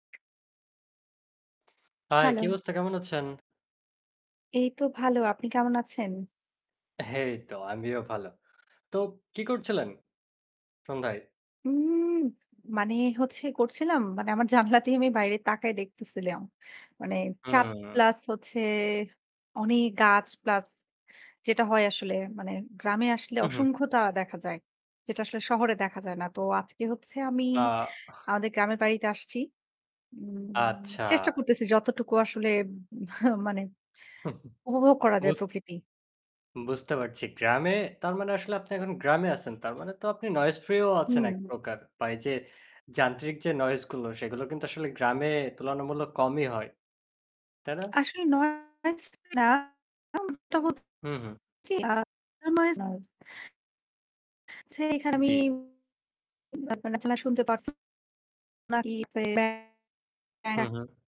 High, hello. কি অবস্থা? কেমন আছেন? এই তো ভালো, আপনি কেমন আছেন? এইতো আমিও ভালো। তো কি করছিলেন সন্ধ্যায়? উম মানে হচ্ছে করছিলাম মানে আমার জানলা থেকে আমি বাইরে তাকায় দেখতেছিলাম। মানে চাঁদ হুম। প্লাস হচ্ছে অনেক গাছ প্লাস যেটা হয় আসলে মানে গ্রামে আসলে হুম, হুম। অসংখ্য তারা দেখা যায়, যেটা আসলে শহরে দেখা যায় না। তো আজকে হচ্ছে আমি আ আহ আমাদের গ্রামের বাড়িতে আসছি। উম আচ্ছা। চেষ্টা করতেছি যতটুকু আসলে উম মানে উপভোগ করা যায় বুঝত প্রকৃতি। বুঝতে পারছি। গ্রামে তার মানে আসলে আপনি এখন গ্রামে আছেন। তার মানে তো আপনি noise free ও আছেন এক হুম। প্রকার। বা এইযে যান্ত্রিক যে noise গুলো সেগুলো কিন্তু আসলে গ্রামে তুলনামূলক কমই হয়। তাই না? আসলে noise টা না এম এটা হচ্ছে হু, হুম। আ noise, noise হচ্ছে এখানে আমি জি। না [unintelligible] শুনতে পাচ্ছেন নাকি হু, [unintelligible] হুম।